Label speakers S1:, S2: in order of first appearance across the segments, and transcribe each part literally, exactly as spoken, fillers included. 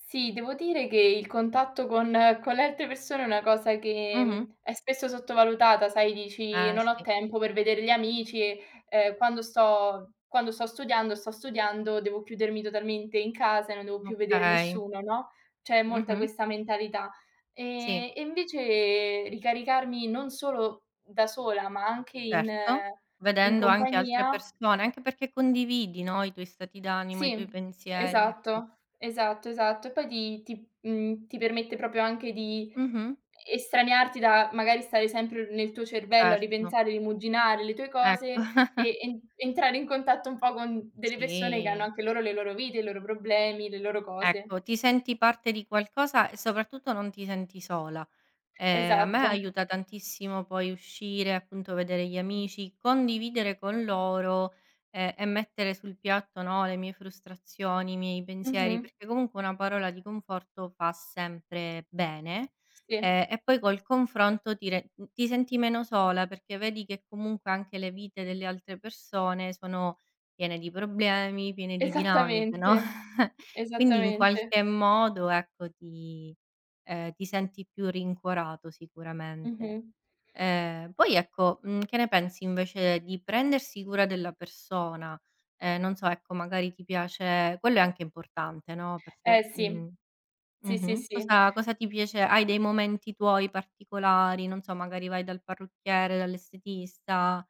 S1: Sì, devo dire che il contatto con con le altre persone è una cosa che,
S2: Mh-mh.
S1: mhmm, è spesso sottovalutata, sai, dici:
S2: Eh,
S1: "Non ho
S2: sì.
S1: tempo per vedere gli amici, ehm, quando sto quando sto studiando, sto studiando, devo chiudermi totalmente in casa e non devo più vedere
S2: Okay.
S1: nessuno", no, c'è molta
S2: Mh-mh.
S1: questa mentalità.
S2: Sì.
S1: Ehm, e invece ricaricarmi non solo da sola, ma anche in
S2: Certo,
S1: in
S2: vedendo anche altre
S1: compagnia
S2: persone, anche perché condividi, no, i tuoi stati d'animo, i tuoi
S1: Sì,
S2: pensieri, ecco.
S1: esatto, esatto, esatto. E poi ti ti uhm, ti permette proprio anche di
S2: Mh-mh.
S1: estraniarti da, magari, stare sempre nel tuo cervello a
S2: Certo.
S1: ripensare, rimuginare le tue
S2: Ecco.
S1: cose e en entrare in contatto un po' con delle persone che hanno
S2: Sì.
S1: anche loro le loro vite, i loro problemi, le loro cose.
S2: Ecco, ti senti parte di qualcosa e, soprattutto, non ti senti sola. Ehm, a me
S1: Esatto.
S2: aiuta tantissimo poi uscire, appunto, vedere gli amici, condividere con loro, ehm, e mettere sul piatto, no, le mie frustrazioni, i miei pensieri,
S1: Mh-mh.
S2: perché, comunque, una parola di conforto fa sempre bene.
S1: Sì.
S2: Ehm, e poi col confronto ti re uhm, ti senti meno sola perché vedi che, comunque, anche le vite delle altre persone sono piene di problemi, piene di dinamiche, no,
S1: Esattamente.
S2: quindi, in
S1: Esattamente.
S2: qualche modo, ecco, ti ehm, ti senti più rincuorato,
S1: Mh,
S2: sicuramente.
S1: mh.
S2: Ehm, poi, ecco, mhmm, che ne pensi, invece, di prendersi cura della persona? Ehm, non so, ecco, magari, ti piace quello è anche importante, no,
S1: Eh
S2: perché
S1: sì.
S2: mh.
S1: Sì, sì,
S2: Mh-mh.
S1: sì.
S2: Cosa cosa ti piace hai dei momenti tuoi particolari? Non so, magari, vai dal parrucchiere, dall'estetista?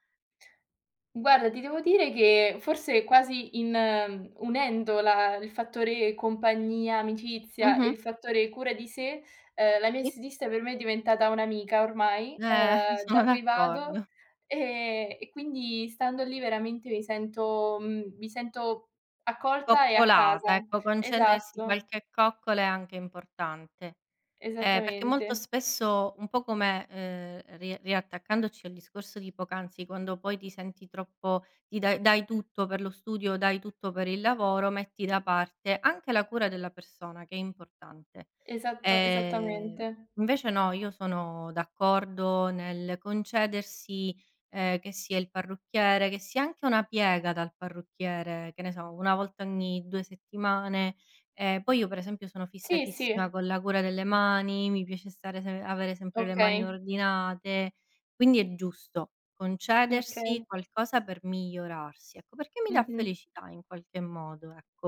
S1: Guarda, ti devo dire che, forse, quasi in unendo la il fattore compagnia, amicizia, e
S2: Mh-mh.
S1: il fattore cura di sé, ehm, la mia
S2: Sì.
S1: estetista per me è diventata un'amica, ormai,
S2: Eh,
S1: ehm,
S2: sono
S1: da cui vado,
S2: d'accordo.
S1: e e quindi stando lì veramente mi sento mhmm, mi sento accolta e a casa.
S2: Coccolata, ecco, concedersi
S1: Esatto.
S2: qualche coccola è anche importante. Ehm, perché molto
S1: Esattamente.
S2: spesso, un po' come ehm, ri riattaccandoci al discorso di poc'anzi, quando poi ti senti troppo ti dai dai tutto per lo studio, dai tutto per il lavoro, metti da parte anche la cura della persona, che è importante.
S1: Esatto,
S2: Ehm,
S1: esattamente.
S2: invece no, io sono d'accordo nel concedersi, ehm, che sia il parrucchiere, che sia anche una piega dal parrucchiere, che ne so, una volta ogni due settimane. Ehm, poi io, per esempio, sono
S1: Sì,
S2: fissatissima
S1: sì.
S2: con la cura delle mani, mi piace stare se avere sempre le mani
S1: Okay.
S2: ordinate. Quindi, è giusto concedersi
S1: Okay.
S2: qualcosa per migliorarsi, ecco, perché mi dà
S1: Mh-mh.
S2: felicità in qualche modo, ecco.